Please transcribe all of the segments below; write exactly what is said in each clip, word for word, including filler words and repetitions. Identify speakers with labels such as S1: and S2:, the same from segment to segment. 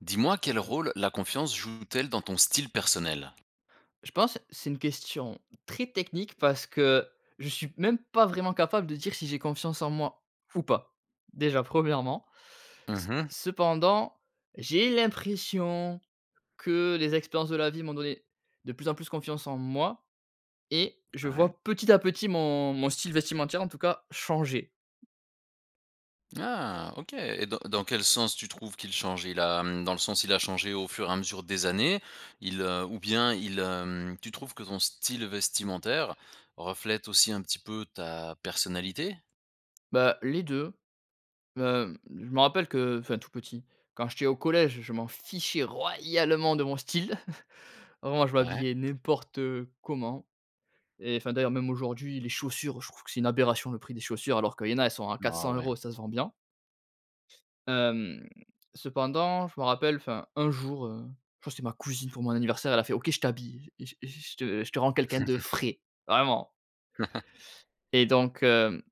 S1: Dis-moi, quel rôle la confiance joue-t-elle dans ton style personnel?
S2: Je pense, c'est une question très technique. Parce que, je suis même pas vraiment capable de dire, si j'ai confiance en moi ou pas. Déjà, premièrement. C
S1: Mmh mh.
S2: cependant j'ai l'impression que les expériences de la vie m'ont donné, de plus en plus, confiance en moi et je
S1: Ouais.
S2: vois, petit à petit, mon mon style vestimentaire, en tout cas, changer.
S1: Ah OK. Et dans dans quel sens tu trouves qu'il change? Il a, hem, dans le sens, il a changé au fur et à mesure des années? Il heu, ou bien il, hem, tu trouves que ton style vestimentaire reflète aussi un petit peu ta personnalité?
S2: Bah, les deux. Hem, je me rappelle que, heu, enfin tout petit, quand j'étais au collège, je m'en fichais royalement de mon style. Vraiment, je
S1: Ouais.
S2: m'habillais n'importe comment et enfin d'ailleurs même aujourd'hui, les chaussures, je trouve que c'est une aberration le prix des chaussures alors qu'il y en a elles sont à quatre
S1: Oh
S2: cents
S1: ouais.
S2: euros et ça se vend bien. Hem, cependant je me rappelle enfin un jour, heu, je crois c'est ma cousine pour mon anniversaire elle a fait: «OK je t'habille. Je je je te je te rends quelqu'un de frais, vraiment!» Et donc heu,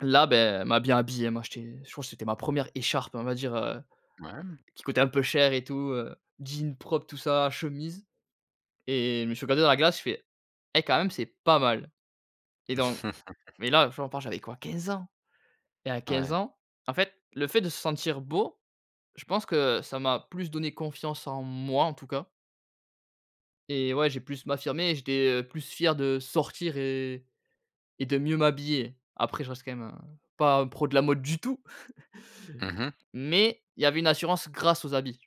S2: là ben, elle m'a bien habillé. Elle m'a acheté, je crois que c'était ma première écharpe. On va dire, heu,
S1: Ouais, hem
S2: qui coûtait un peu cher et tout. Heu, jean, propre tout ça, chemise et je me suis regardé dans la glace, j'ai fait: «Et quand même c'est pas mal!» Et donc mais là, j'en parle, j'avais quoi, quinze ans? Et à quinze
S1: Ouais.
S2: ans, en fait, le fait de se sentir beau, je pense que, heu, ça m'a plus donné confiance en moi, en tout cas et ouais, j'ai plus m'affirmer et j'étais, heu, plus fier de sortir, heu et et de mieux m'habiller. Après, je reste quand même, heu, pas un pro de la mode du tout!
S1: Mmh mh.
S2: Mais il y avait une assurance, grâce aux habits.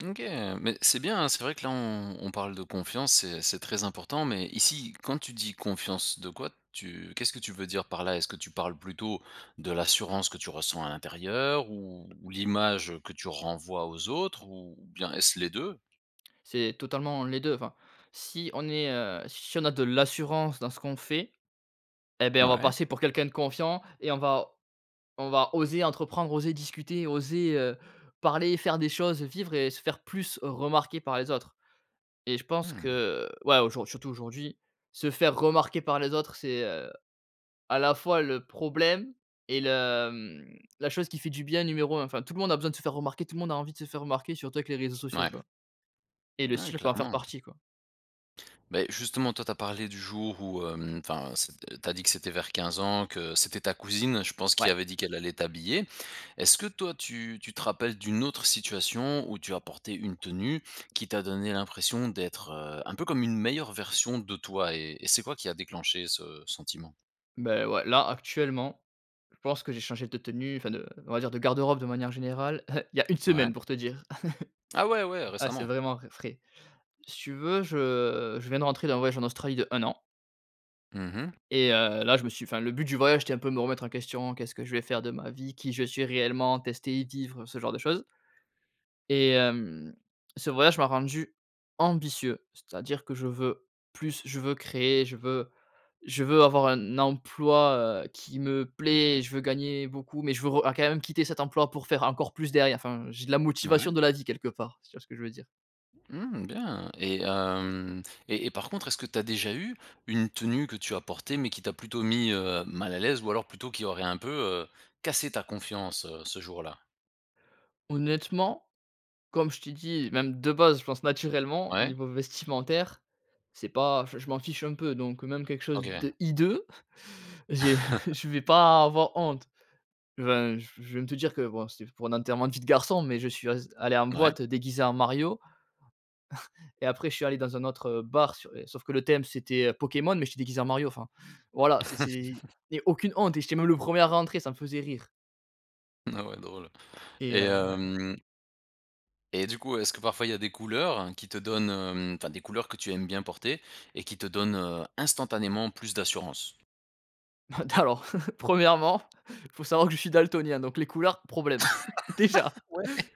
S1: OK, mais c'est bien, hein, c'est vrai que là on on parle de confiance, c'est c'est très important. Mais ici, quand tu dis confiance, de quoi tu qu'est-ce que tu veux dire par là? Est-ce que tu parles plutôt, de l'assurance que tu ressens à l'intérieur? Ou ou l'image que tu renvoies aux autres? Ou ou bien est-ce les deux?
S2: C'est totalement les deux. Enfin, si on est, heu, si on a de l'assurance dans ce qu'on fait et bah on va
S1: Mouais.
S2: passer pour quelqu'un de confiant et on va on va oser entreprendre, oser discuter, oser, heu, parler et faire des choses, heu, vivre et se faire plus remarquer par les autres et je pense
S1: Mmh.
S2: que, heu, ouais, aujour surtout aujourd'hui, se faire remarquer par les autres c'est, heu, à la fois le problème et le, hem, la chose qui fait du bien numéro un. Enfin, tout le monde a besoin de se faire remarquer. Tout le monde a envie de se faire remarquer, surtout avec les réseaux sociaux,
S1: Mouais.
S2: quoi et le
S1: Ouais,
S2: style peut en faire
S1: clairement.
S2: partie, quoi.
S1: Mais justement, toi, tu as parlé du jour où, hem, enfin c'est tu as dit que c'était vers quinze ans que c'était ta cousine, je pense qui
S2: Ouais.
S1: avait dit qu'elle allait t'habiller. Est-ce que toi tu tu te rappelles d'une autre situation où tu as porté une tenue qui t'a donné l'impression d'être, heu, un peu comme une meilleure version de toi? Et et c'est quoi qui a déclenché ce sentiment?
S2: Beh ouais. Là, actuellement, je pense que j'ai changé de tenue, enfin de, on va dire, de garde-robe, de manière générale il y a une
S1: Ouais.
S2: semaine pour te dire.
S1: Ah ouais, ouais!
S2: Ah, c'est
S1: Récemment.
S2: vraiment v frais. Si tu veux je je viens de rentrer d'un voyage en Australie de un an
S1: Mmh mh.
S2: et heu, là, je me suis enfin, le but du voyage c'étais un peu me remettre en question: «Qu'est-ce que je vais faire de ma vie? Qui je suis réellement?» tester y vivre, ce genre de choses et hem, ce voyage m'a rendu ambitieux. C'est à dire que, je veux plus. Je veux créer. Je veux je veux avoir un emploi, heu, qui me plaît. Je veux gagner beaucoup mais je veux re a quand même quitter cet emploi pour faire encore plus derrière. Enfin, j'ai de la
S1: Mouais.
S2: motivation de la vie quelque part. Si tu vois ce que je veux dire.
S1: Mmh, bien! Et hem et et par contre, est-ce que tu as déjà eu une tenue que tu as portée mais qui t'a plutôt mis, heu, mal à l'aise ou alors plutôt qui aurait un peu, heu, cassé ta confiance, heu, ce jour-là?
S2: Honnêtement? Comme je t'ai dit, même de base, je pense naturellement,
S1: Ouais.
S2: niveau vestimentaire, c'est pas je je m'en fiche un peu donc heu, même quelque chose
S1: OK.
S2: de hideux, j'ai je vais pas avoir honte. Je viens je viens te dire que, bon c'était pour un enterrement de vie de garçon, mais, je suis az allé en
S1: Mouais.
S2: boîte, heu, déguisé en Mario et après je suis allé dans un autre, heu, bar s é sauf que le thème c'était, heu, Pokémon mais j'étais déguisé en Mario, enfin voilà c'est c'est et aucune honte et j'étais même le premier à rentrer. Ça me faisait rire
S1: Ah ouais, drôle
S2: et
S1: et
S2: heu, ouais.
S1: hem et du coup, est-ce que parfois il y a des couleurs, qui te donnent, hem enfin, des couleurs que tu aimes bien porter et qui te donnent, heu, instantanément, plus d'assurance?
S2: Heu, d alors premièrement, faut savoir que je suis daltonien, donc les couleurs, problème, déjà!
S1: Ouais.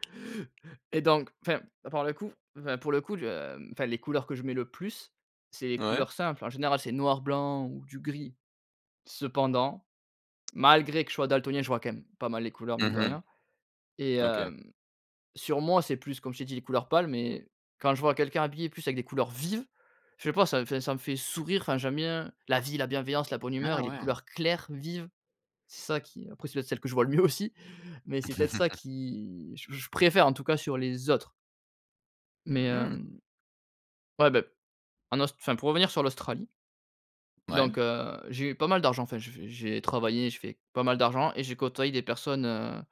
S2: Et donc enfin, à part le coup enfin, pour le coup, heu enfin les couleurs que je mets le plus c'est les
S1: Ouais.
S2: couleurs simples. En général c'est noir blanc ou du gris. Cependant, malgré que je sois daltonien, je vois quand même pas mal les couleurs mine
S1: Mmh
S2: de
S1: mh.
S2: rien et
S1: OK.
S2: hem, sur moi, c'est plus, comme je t'ai dit, les couleurs pâles mais quand je vois quelqu'un habillé plus avec des couleurs vives, je sais pas ça me fait ça me fait sourire. Enfin, j'aime bien la vie, la bienveillance, la bonne humeur
S1: Ah
S2: et les
S1: ouais?
S2: couleurs claires, vives, c'est ça qui, après c'est peut être celles que je vois le mieux aussi mais c'est peut-être ça qui je je préfère en tout cas sur les autres mais
S1: Mmh!
S2: hem, ouais beh, en Aus enfin pour revenir sur l'Australie
S1: Mouais.
S2: donc heu, j'ai eu pas mal d'argent enfin, j'ai fait j'ai travaillé, j'ai fait pas mal d'argent et j'ai côtoyé des personnes, heu,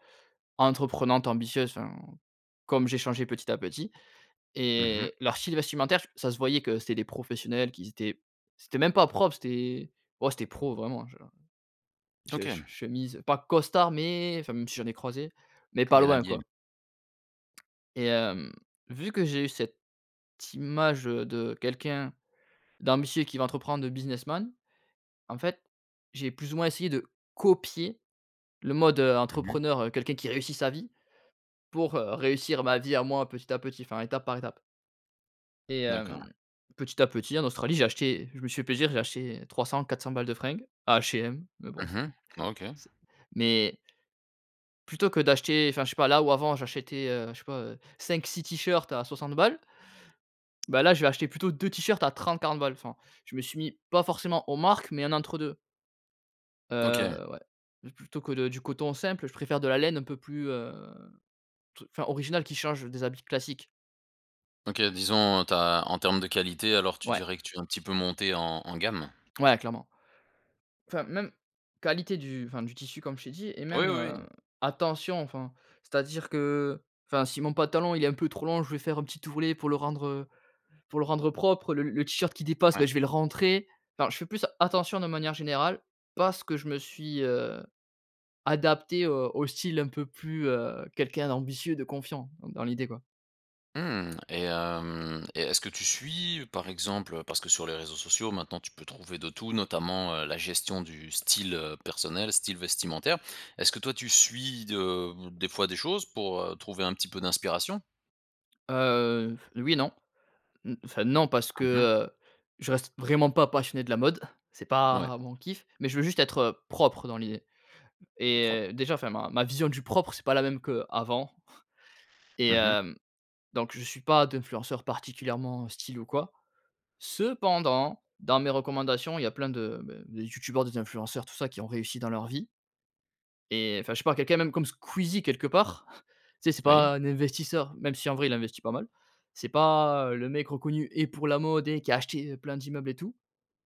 S2: entreprenantes ambitieuses enfin, comme j'ai changé petit à petit
S1: Mmh mh.
S2: et leur style vestimentaire f ça se voyait que c'était des professionnels qui étaient, c'était même pas propre, c'était ouais, c'était pro vraiment, genre, heu, je che
S1: OK.
S2: chemise, pas costard mais, enfin même si j'en ai croisé, mais pas
S1: Bien
S2: loin,
S1: habillé.
S2: quoi et hem, vu que j'ai eu cette image de, quelqu'un d'ambitieux, qui veut entreprendre, de businessman. En fait, j'ai plus ou moins essayé de copier le mode, heu,
S1: Mmh mh.
S2: entrepreneur, heu, quelqu'un qui réussit sa vie. Pour réussir ma vie à moi, petit à petit, enfin étape par étape et hem,
S1: D'accord.
S2: petit à petit en Australie j'ai acheté, je me suis fait plaisir, j'ai acheté trois cents, quatre cents balles de fringues, à H&M. Mais bon c
S1: Mmh mh. OK.
S2: c mais plutôt que d'acheter enfin je sais pas, là où, avant, j'achetais je sais pas, heu, cinq-six t-shirts à soixante balles. Ben là, je vais acheter plutôt deux t-shirts à trente-quarante balles enfin. Je me suis mis, pas forcément aux marques, mais un entre-deux.
S1: OK.
S2: Heu, ouais. Plutôt que de du coton simple, je préfère de la laine un peu plus, heu, t enfin, originale qui change des habits classiques.
S1: OK. Disons, tu as en termes de qualité alors tu
S2: Ouais.
S1: dirais que tu es un petit peu monté en en gamme?
S2: Ouais, clairement. Enfin, même qualité du enfin, du tissu comme je t'ai dit et
S1: Oui,
S2: même,
S1: oui,
S2: heu,
S1: oui.
S2: attention. Enfin, c'est à dire que, heu, enfin si mon pantalon il est un peu trop long je vais faire un petit ourlet pour le rendre, heu, pour le rendre propre, le le t-shirt qui dépasse
S1: Ouais.
S2: ben, je vais le rentrer. Enfin, je fais plus attention de manière générale parce que je me suis, heu, adapté au style un peu plus, heu, quelqu'un d'ambitieux de confiant, dans l'idée, quoi.
S1: Mmh et hem et est-ce que tu suis, par exemple, heu, parce que sur les réseaux sociaux maintenant tu peux trouver de tout notamment, heu, la gestion du style, heu, personnel, style vestimentaire. Est-ce que toi tu suis de, heu, des fois des choses pour, heu, trouver un petit peu d'inspiration?
S2: Heu, oui et non. N enfin non, parce que,
S1: Mmh mh.
S2: heu, je reste vraiment pas passionné de la mode, c'est
S1: Mouais.
S2: pas mon kiff, mais je veux juste être, heu, propre dans l'idée
S1: Propre.
S2: et déjà enfin, ma ma vision du propre c'est pas la même qu'avant. Et
S1: Mmh mh.
S2: hem, donc je suis pas d'influenceurs particulièrement style ou quoi. Cependant, dans mes recommandations, il y a plein de, beh, de youtubeurs, des influenceurs tout ça, qui ont réussi dans leur vie et enfin, je sais pas, quelqu'un même comme Squeezie, quelque part. Tu sais, c'est
S1: Oui.
S2: pas un investisseur, même si en vrai il investit pas mal. C'est pas, heu, le mec reconnu et pour la mode et qui a acheté plein d'immeubles et tout,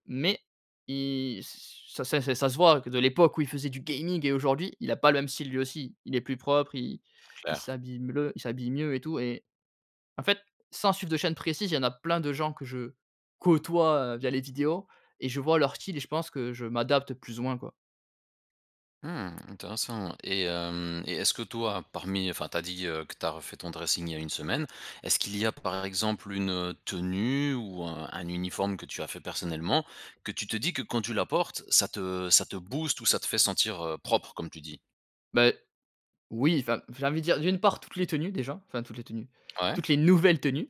S2: mais il ç ça ça c'est ça se voit que de l'époque où il faisait du gaming et aujourd'hui, il a pas le même style, lui aussi. Il est plus propre, il il
S1: Clair.
S2: s'habille mleu il s'habille mieux et tout et en fait, sans suivre de chaîne précise, il y en a plein de gens que je côtoie, heu, via les vidéos et je vois leur style et je pense que je m'adapte plus ou moins, quoi.
S1: Mmh, intéressant et mmh et est-ce que toi, parmi enfin, tu as dit que tu as refait ton dressing il y a une semaine, est-ce qu'il y a par exemple, une tenue ou un un uniforme que tu as fait personnellement que tu te dis que quand tu la portes, ça te ça te booste ou ça te fait sentir, heu, propre, comme tu dis?
S2: Beh, oui, enfin, j'ai envie de dire, d'une part toutes les tenues, déjà, enfin, toutes les tenues,
S1: Ouais.
S2: toutes les nouvelles tenues.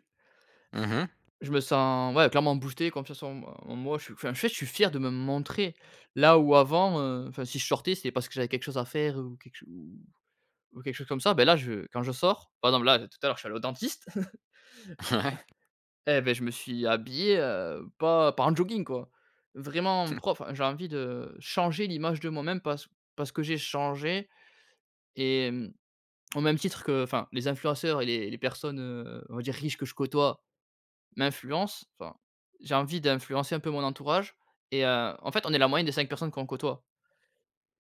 S1: Mmh mh.
S2: Je me sens, ouais, clairement boosté, confiance en moi en moi, je suis enfin, en fait, je suis fier de me montrer, là, où avant, heu, enfin, si je sortais c'est parce que j'avais quelque chose à faire ou quelque ch ou quelque chose comme ça. Beh là, je quand je sors, par exemple là, tout à l'heure, je suis allé au dentiste,
S1: Ouais.
S2: eh beh, je me suis habillé, heu, pas pas en jogging, quoi. Vraiment propre, enfin, j'ai envie de changer l'image de moi-même parce parce que j'ai changé et mmh, au même titre que, enfin, les influenceurs et les les personnes, heu, on va dire riche que je côtoie, m'influencent, enfin, j'ai envie d'influencer un peu mon entourage et heu, en fait, on est la moyenne des cinq personnes qu'on côtoie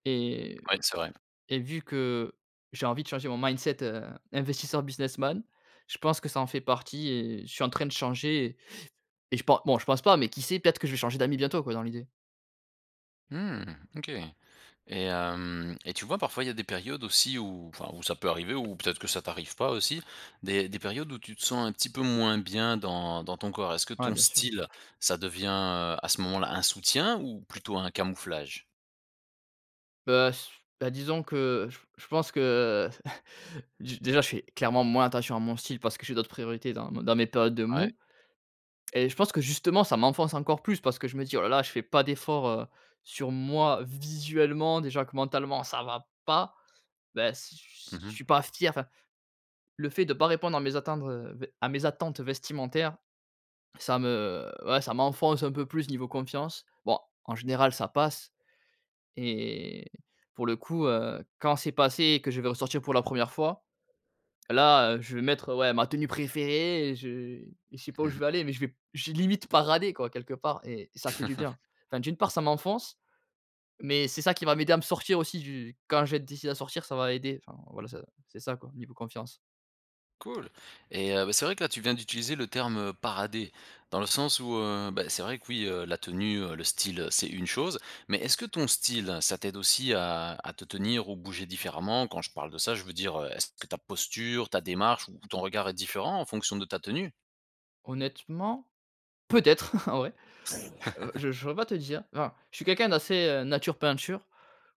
S2: et
S1: Ouais, c'est vrai.
S2: et vu que j'ai envie de changer mon mindset, heu, investisseur businessman, je pense que ça en fait partie et je suis en train de changer et je pense bon, je pense pas mais qui sait, peut-être que je vais changer d'amis bientôt quoi, dans l'idée.
S1: Mmh, OK et mmh et tu vois, parfois, il y a des périodes aussi où enfin où ça peut arriver ou peut-être que ça t'arrive pas aussi, des des périodes où tu te sens un petit peu moins bien dans dans ton corps, est-ce que
S2: Ouais
S1: ton
S2: bien sûr.
S1: style ça devient, heu, à ce moment-là, un soutien ou plutôt un camouflage?
S2: Bah, s bah, disons que j je pense que d déjà je fais clairement moins attention à mon style parce que j'ai d'autres priorités dans mes dans mes périodes de
S1: Ouais.
S2: mou et je pense que justement, ça m'enfonce encore plus parce que je me dis: «Oh là là, je fais pas d'efforts, heu, sur moi visuellement déjà que mentalement, ça va pas». Beh s
S1: Mmh
S2: je
S1: mh.
S2: suis pas fier, enfin, le fait de pas répondre à mes attentes, heu, beh, à mes attentes vestimentaires, ça me ouais, ça m'enfonce un peu plus niveau confiance. Bon en général ça passe et pour le coup, heu, quand c'est passé et que je vais ressortir pour la première fois, là, heu, je vais mettre, ouais, ma tenue préférée et je et je sais pas
S1: Mmh
S2: où je
S1: mh.
S2: vais aller mais je vais j'ai limite paradé quoi, quelque part et ça fait du bien. Enfin, d'une part ça m'enfonce mais c'est ça qui va m'aider à me sortir aussi du quand je vais être décidé à sortir, ça va aider, enfin, voilà ça c'est ça quoi, niveau confiance.
S1: Cool et heu, beh, c'est vrai que là tu viens d'utiliser le terme, heu, parader, dans le sens où heu, bah, c'est vrai que oui, heu, la tenue, heu, le style, heu, c'est une chose, mais est-ce que ton style, ça t'aide aussi à à te tenir ou bouger différemment, quand je parle de ça, je veux dire, heu, est-ce que ta posture, ta démarche ou ton regard est différent en fonction de ta tenue?
S2: Honnêtement, peut-être, en vrai. Je je saurais pas te dire, enfin, je suis quelqu'un d'assez, heu, nature peinture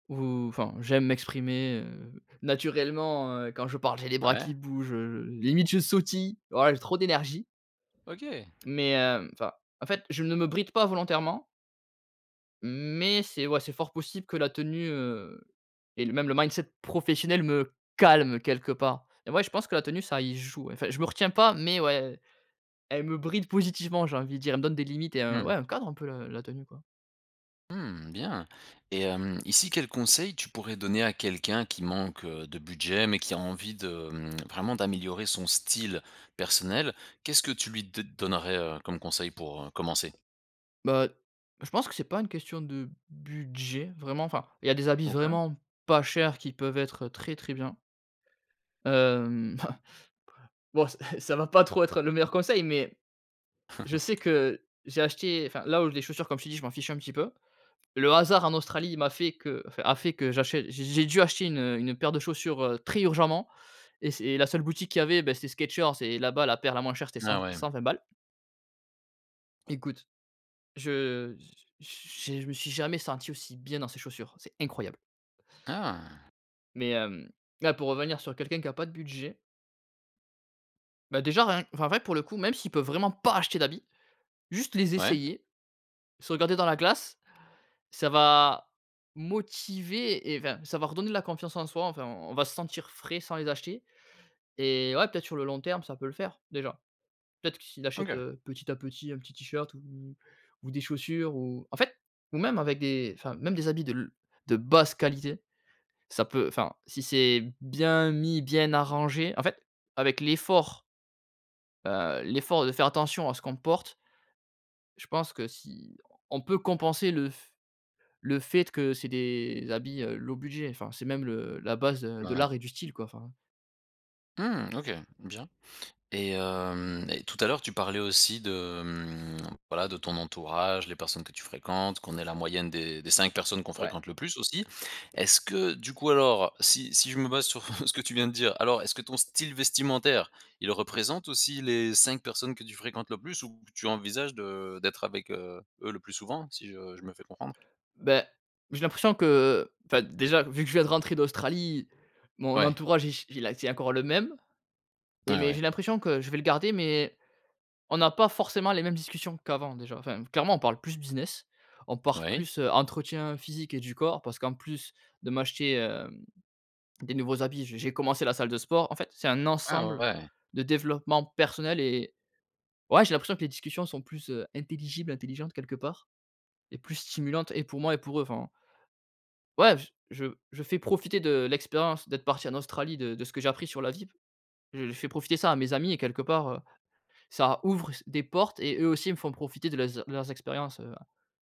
S2: ou enfin, j'aime m'exprimer, heu, naturellement, heu, quand je parle, j'ai les bras qui
S1: Ouais.
S2: bougent, heu, limite je sautille. Ouais j'ai trop d'énergie!
S1: OK.
S2: Mais, heu, enfin, en fait, je ne me bride pas volontairement mais, c'est ouais, c'est fort possible que la tenue, heu, et le même le mindset professionnel me calme quelque part et ouais, je pense que la tenue ça y joue, enfin, je me retiens pas mais ouais, elle me bride positivement, j'ai envie de dire, elle me donne des limites et un
S1: Mmh.
S2: ouais, un cadre, un peu la la tenue, quoi.
S1: Mmh bien! Et mmh, ici quels conseils tu pourrais donner à quelqu'un qui manque, heu, de budget mais qui a envie de, mmh, vraiment d'améliorer son style personnel, qu'est-ce que tu lui d donnerais, heu, comme conseil pour, heu, commencer?
S2: Bah, je pense que c'est pas une question de budget. Vraiment, enfin, il y a des habits
S1: OK.
S2: vraiment pas cher qui peuvent être, heu, très, très bien. Hem, bon, ça va pas trop être le meilleur conseil mais je sais que j'ai acheté, enfin, là où les chaussures, comme je t'ai dit, je m'en fiche un petit peu. Le hasard en Australie il m'a fait que enfin, a fait que j'achète j'ai j'ai dû acheter une, heu, une paire de chaussures, très urgemment et c'est la seule boutique qu'il y avait, bah, c'était Skechers et là-bas, la paire la moins chère c'était
S1: Ah ouais.
S2: cent-cent-vingt balles. Écoute, je j j j'ai je me suis jamais senti aussi bien dans ces chaussures, c'est incroyable!
S1: Ah.
S2: Mais hem, là pour revenir sur quelqu'un qui a pas de budget bah, déjà rien enfin, en vrai pour le coup, même s'il peut vraiment pas acheter d'habits, juste les
S1: Ouais.
S2: essayer, se regarder dans la glace, ça va motiver et enfin, ça va redonner la confiance en soi, enfin, on va se sentir frais sans les acheter et ouais peut-être sur le long terme, ça peut le faire, déjà. Peut-être, que s'il achète
S1: OK.
S2: petit à petit, un petit t-shirt ou ou des chaussures ou en fait, ou même avec des, enfin, même des habits de l de basse qualité, ça peut, enfin, si c'est bien mis, bien arrangé, en fait, avec l'effort heu, l'effort de faire attention à ce qu'on porte je pense que si on peut compenser le f le fait que c'est des habits low budget, enfin, c'est même le la base
S1: Ouais
S2: de
S1: ouais.
S2: l'art et du style, quoi, enfin
S1: Mmh. OK. Bien. Et mmh, et tout à l'heure tu parlais aussi de, mmh, voilà, de ton entourage, les personnes que tu fréquentes, qu'on est la moyenne des des cinq personnes que l'on
S2: Ouais.
S1: fréquente le plus aussi. Est-ce que, du coup alors, si si je me base sur ce que tu viens de dire, alors, est-ce que ton style vestimentaire, il représente aussi les cinq personnes que tu fréquentes le plus ou que tu envisages de d'être avec, heu, eux, le plus souvent, si je je me fais comprendre?
S2: Beh, j'ai l'impression que, enfin, déjà, vu que je viens de rentrer d'Australie, mon
S1: Ouais.
S2: entourage il ch il a c'est encore le même. Et
S1: Ah
S2: mais
S1: ouais.
S2: j'ai l'impression que je vais le garder mais on n'a pas forcément les mêmes discussions qu'avant, déjà, enfin, clairement on parle plus business, on parle
S1: Oui.
S2: plus entretien physique et du corps, parce qu'en plus de m'acheter, hem, des nouveaux habits, je j'ai commencé la salle de sport. En fait, c'est un
S1: Ah ouais,
S2: ensemble
S1: ouais.
S2: de développement personnel et et ouais, j'ai l'impression que les discussions sont plus intelligibles, intelligentes, quelque part et plus stimulantes et pour moi et pour eux, enfin ouais! J je je fais profiter de l'expérience d'être parti en Australie de de ce que j'ai appris sur la vie. Je fais profiter ça à mes amis et quelque part, heu, ça ouvre s des portes et eux aussi, ils me font profiter de les eur leurs expériences, heu,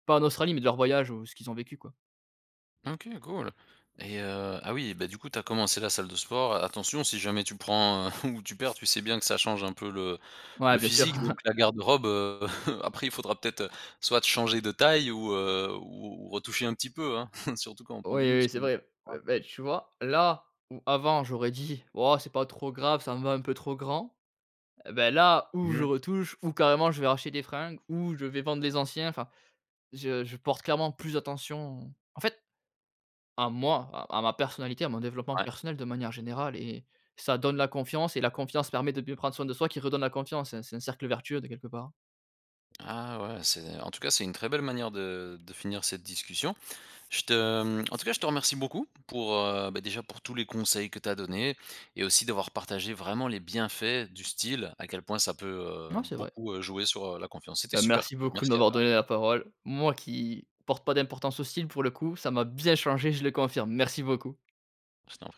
S2: pas en Australie mais de leurs voyages ou ce qu'ils ont vécu, quoi.
S1: OK, cool. Et heu, ah oui, beh, du coup, tu as commencé la salle de sport, attention si jamais tu prends ou tu perds tu sais bien que ça change un peu le
S2: Ouais
S1: le
S2: bien sûr.
S1: physique donc la garde-robe, heu, après il faudra peut-être, heu, soit de changer de taille ou heu, ou ou retoucher un petit peu, hein, surtout quand on prend
S2: Oui
S1: du
S2: oui, c'est
S1: muscle.
S2: vrai. B
S1: [unintelligible]
S2: beh, tu vois, là, où avant, j'aurais dit: «Oh, c'est pas trop grave, ça me va un peu trop grand», eh beh, là, ou je
S1: Bien.
S2: retouche ou carrément je vais racheter des fringues ou je vais vendre les anciens, enfin, je je porte clairement plus attention en fait, à moi, à à ma personnalité, à mon développement
S1: Ouais.
S2: personnel de manière générale et ça donne la confiance et la confiance permet de bien prendre soin de soi qui redonne la confiance, c'est c'est un cercle vertueux, de quelque part.
S1: Ah ouais, c'est en tout cas, c'est une très belle manière de de finir cette discussion. Je te en tout cas, je te remercie beaucoup, pour, heu, beh déjà, pour tous les conseils que tu as donné et aussi d'avoir partagé vraiment les bienfaits du style, à quel point ça peut, heu,
S2: Non c'est vrai.
S1: beaucoup, heu, jouer sur, heu, la confiance. C'était
S2: Bah,
S1: super
S2: merci
S1: cool,
S2: beaucoup de
S1: merci à
S2: m'avoir
S1: toi.
S2: donné la parole, moi, qui porte pas d'importance au style pour le coup, ça m'a bien changé, je le confirme. Merci beaucoup.
S1: Je t'en prie.